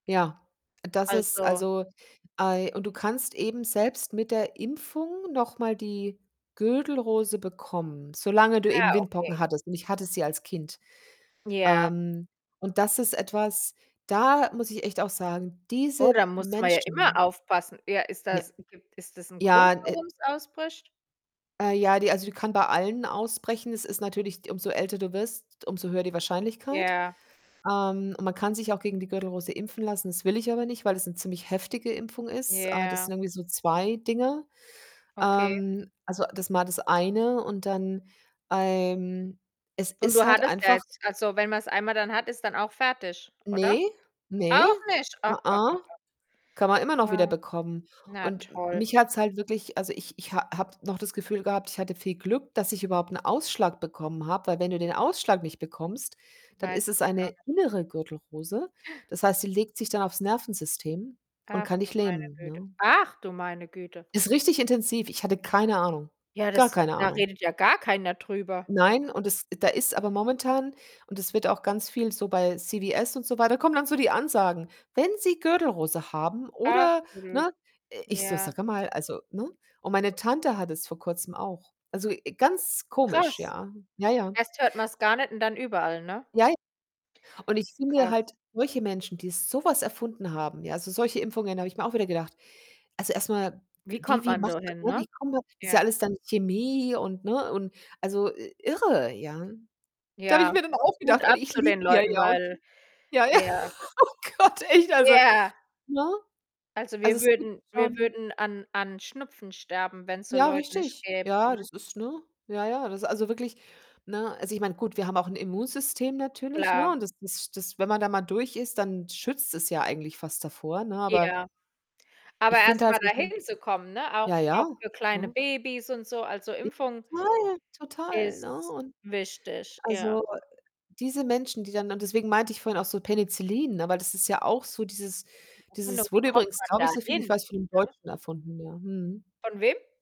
Ja, das ist Also also, ei und du kannst eben selbst mit der Impfung noch mal die Gürtelrose bekommen, solange du eben Ah, Windpocken okay. hattest, und ich hatte sie als Kind. Ja. Ähm, und das ist etwas, da muss ich echt auch sagen, Oh, diese da muss ma ja immer Menschen aufpassen? Ja, ist Ja, das [unintelligible] ist das 'n Grund, ja, äh warum's ausbricht? Äh, ja, die also, die kann bei allen ausbrechen. Es ist natürlich umso älter du wirst, umso höher die Wahrscheinlichkeit. Ja. Ähm, man kann sich auch gegen die Gürtelrose impfen lassen. Das will ich aber nicht, weil es 'ne ziemlich heftige Impfung ist. Äh, das Ja. sind irgendwie so 2 Dinger. Okay. Ähm, also, das ist mal das eine, und dann ähm, es Und ist du halt hattest ja einfach jetzt Also, wenn man's einmal dann hat, ist dann auch fertig, oder? Ne, ne, Auch nicht? a Ach, ach, ach, a ach. kann man immer noch Ah. wiederbekommen. Na Und toll. mich hat's halt wirklich also, ich ich ha habe noch das Gefühl gehabt, ich hatte viel Glück, dass ich überhaupt 'n Ausschlag bekommen habe, weil wenn du den Ausschlag nicht bekommst, dann ist Weißt es das gar eine nicht. innere Gürtelrose. Das heißt, die legt sich dann aufs Nervensystem und Ach, kann du dich meine lähmen, Güte. ne? Ach, du meine Güte. Ist richtig intensiv, ich hatte keine Ahnung, Ja, gar das keine da Ahnung. redet ja gar keiner drüber. Nein, und es da ist aber momentan und es wird auch ganz viel so bei CWS und so weiter kommen dann so die Ansagen: „Wenn Sie Gürtelrose haben Ach oder“ blöd, ne? Ich so: ja. „Sage mal, also“ ne? Und meine Tante hatte es vor Kurzem auch. Also, äh, ganz komisch, Krass. ja, ja, ja. Erst hört man's gar nicht und dann überall, ne? Jei Und ich finde Krass. halt solche Menschen, die so was erfunden haben, ja, also, solche Impfungen, da habe ich mir auch wieder gedacht also, erstmal, Wie wie kommt wie man macht dahin, man ne, ne? wie kommt man Ist ja Ja. alles dann Chemie und ne? Und, also, irre, ja? Da habe ich Ja, mir dann auch Hut gedacht und ab ich zu liege den hier Leuten, ja und weil kriege ja, ja. ja. Oh Gott, echt, also, Ja. ne? Also, Also, wir es gibt würden wir schon würden an an Schnupfen sterben, wenn's so Ja, Leute nicht richtig. gäbe, Ja, ne? das ist ne? Ja, ja, das also, wirklich, ne? Also, ich meine, gut, wir haben auch 'n Immunsystem natürlich, ne? Klar. Und das das das, wenn man da mal durch ist, dann schützt es ja eigentlich fast davor, ne? Aber Ja. Aber ich finde halt erstmal solche dahin zu kommen, ne? Ja, Auch auch ja, für kleine ne? Babys und so, also, [unintelligible] Impfung Total, total, ne? ist Und, wichtig, ja. also, diese Menschen, die dann und deswegen meinte ich vorhin auch so Penicillin, ne? Weil das ist ja auch so dieses dieses [unintelligible] Wie wurde kommt übrigens, man glaube ich, da so viel ich hin, weiß, von 'nem ne? Deutschen erfunden, ja. Mhm. Von wem?